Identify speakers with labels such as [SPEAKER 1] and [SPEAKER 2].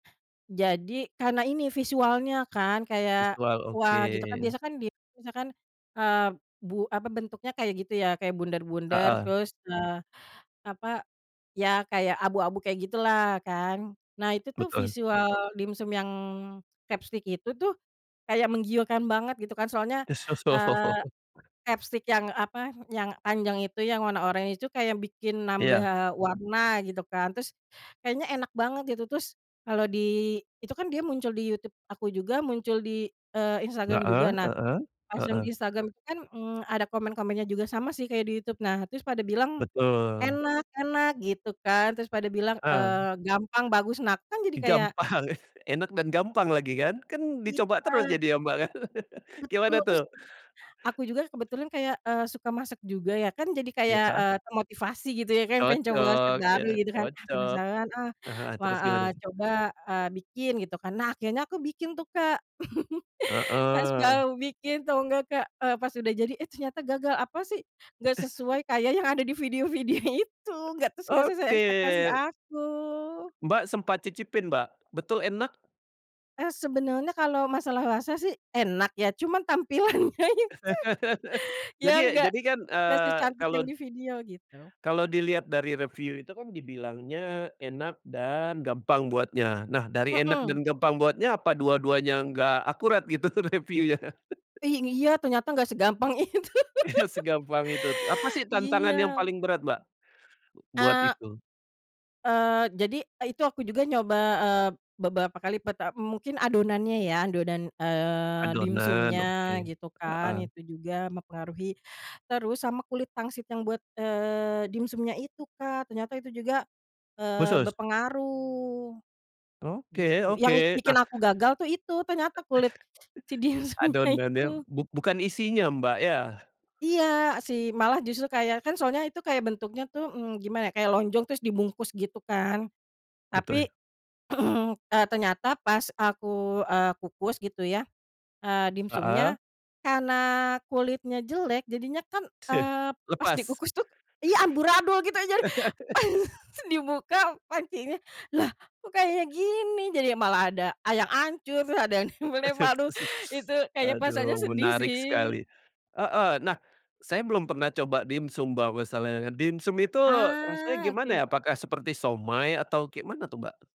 [SPEAKER 1] Jadi karena ini visualnya kan kayak,
[SPEAKER 2] Visual oke.
[SPEAKER 1] wah gitu kan biasa kan di misalkan, ah, bu apa bentuknya kayak gitu ya kayak bundar-bundar
[SPEAKER 2] Heeh.
[SPEAKER 1] terus, eee, apa, iya kayak abu-abu kayak gitulah kan nah itu tuh
[SPEAKER 2] Betul.
[SPEAKER 1] visual dimsum yang crabstick itu tuh, kayak menggiurkan banget gitu kan soalnya, eee,
[SPEAKER 2] [unintelligible]
[SPEAKER 1] crabstick yang apa yang panjang itu yang warna oranye itu kayak bikin
[SPEAKER 2] Iya.
[SPEAKER 1] nambah warna gitu kan terus, kayaknya enak banget gitu terus, kalau di itu kan dia muncul di YouTube aku juga muncul di, eee, Instagram
[SPEAKER 2] Heeh
[SPEAKER 1] juga nah,
[SPEAKER 2] heeh
[SPEAKER 1] pas yang
[SPEAKER 2] heeh.
[SPEAKER 1] di Instagram itu kan, mmm, ada komen-komennya juga sama sih kayak di YouTube nah terus pada bilang,
[SPEAKER 2] Betul.
[SPEAKER 1] enak enak gitu kan terus pada bilang,
[SPEAKER 2] Heeh.
[SPEAKER 1] eee, gampang bagus nah kan jadi kayak
[SPEAKER 2] Gampang enak dan gampang lagi kan? Kan dicoba terus
[SPEAKER 1] Iya.
[SPEAKER 2] jadi ya Mbak kan gimana
[SPEAKER 1] Betul terus,
[SPEAKER 2] tuh?
[SPEAKER 1] aku juga kebetulan kayak, eee, suka masak juga ya kan jadi kayak,
[SPEAKER 2] Iya.
[SPEAKER 1] eee, termotivasi gitu ya kayak pengen coba resep
[SPEAKER 2] Cocok iya
[SPEAKER 1] baru gitu kan, ah,
[SPEAKER 2] cocok,
[SPEAKER 1] penasaran, ah,
[SPEAKER 2] heeh,
[SPEAKER 1] wah,
[SPEAKER 2] terus gimana
[SPEAKER 1] ah,
[SPEAKER 2] tuh?
[SPEAKER 1] coba, eee, bikin gitu kan nah akhirnya aku bikin tuh Kak pas
[SPEAKER 2] Heeh.
[SPEAKER 1] baru bikin tahu enggak Kak, eee, pas udah jadi, eh, ternyata gagal apa sih nggak sesuai kayak yang ada di video videonya itu enggak terus nggak sesuai
[SPEAKER 2] Oke.
[SPEAKER 1] ekspektasi aku.
[SPEAKER 2] Mbak sempat cicipin Mbak betul enak?
[SPEAKER 1] Eee, sebenarnya kalau masalah rasa sih enak ya cuma tampilannya itu iya
[SPEAKER 2] Jadi
[SPEAKER 1] nggak,
[SPEAKER 2] jadi kan,
[SPEAKER 1] nggak
[SPEAKER 2] eee,
[SPEAKER 1] secantik yang
[SPEAKER 2] kalau
[SPEAKER 1] di video gitu.
[SPEAKER 2] kalau dilihat dari review itu kan dibilangnya enak dan gampang buatnya nah dari enak
[SPEAKER 1] Mhm.
[SPEAKER 2] dan gampang buatnya apa dua-duanya enggak akurat gitu review-nya?
[SPEAKER 1] Ih, iya ternyata gak segampang itu
[SPEAKER 2] Iya segampang itu apa sih tantangan
[SPEAKER 1] iya.
[SPEAKER 2] yang paling berat Mbak, buat
[SPEAKER 1] A
[SPEAKER 2] itu?
[SPEAKER 1] Eee, jadi, eee, itu aku juga nyoba, eee, beberapa kali pertam mungkin adonannya ya adonan, eee,
[SPEAKER 2] Adonan oke,
[SPEAKER 1] dimsumnya gitu kan
[SPEAKER 2] heeh.
[SPEAKER 1] itu juga mempengaruhi terus sama kulit pangsit yang buat, eee, dimsumnya itu Kak ternyata itu juga, eee,
[SPEAKER 2] Khusus?
[SPEAKER 1] berpengaruh,
[SPEAKER 2] Oke
[SPEAKER 1] gitu yang ik
[SPEAKER 2] oke
[SPEAKER 1] bikin
[SPEAKER 2] nah
[SPEAKER 1] aku gagal tuh itu ternyata kulit, si dimsumnya
[SPEAKER 2] Adonannya
[SPEAKER 1] itu.
[SPEAKER 2] buk bukan isinya Mbak ya?
[SPEAKER 1] Iya sih malah justru kayak kan soalnya itu kayak bentuknya tuh, mmm, gimana ya kayak lonjong terus dibungkus gitu kan, tapi,
[SPEAKER 2] Betul.
[SPEAKER 1] ternyata pas aku, eee, kukus gitu ya, eee,
[SPEAKER 2] Heeh.
[SPEAKER 1] dimsumnya, karena kulitnya jelek jadinya kan, eee, pas
[SPEAKER 2] Selepas.
[SPEAKER 1] dikukus tuh iya amburadul gitu jadi pas dibuka pancinya lah kok kayak gini? Jadi malah ada a yang hancur terus ada yang [unintelligible]
[SPEAKER 2] [unintelligible]
[SPEAKER 1] itu kayaknya perasaannya
[SPEAKER 2] Aduh
[SPEAKER 1] sedih
[SPEAKER 2] menarik
[SPEAKER 1] sih.
[SPEAKER 2] sekali, heeh, nah, saya belum pernah coba dimsum Mbak masalahnya dimsum itu rasanya
[SPEAKER 1] Ah,
[SPEAKER 2] gimana
[SPEAKER 1] oke.
[SPEAKER 2] ya apakah seperti siomay atau kayak mana tuh Mbak?